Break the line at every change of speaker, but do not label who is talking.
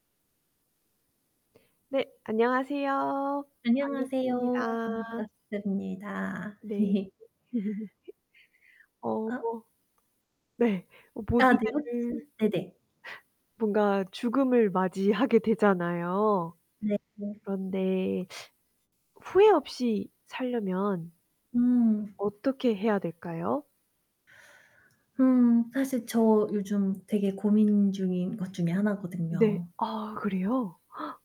네 안녕하세요.
안녕하세요.
반갑습니다.
반갑습니다.
네. 어
어?
뭐 네 어
아 네 혹시
요즘에는
네네.
뭔가 죽음을 맞이하게 되잖아요.
네네.
그런데 후회 없이 살려면
음.
어떻게 해야 될까요?
음 사실 저 요즘 되게 고민 중인 것 중에
네.
하나거든요.
아 그래요?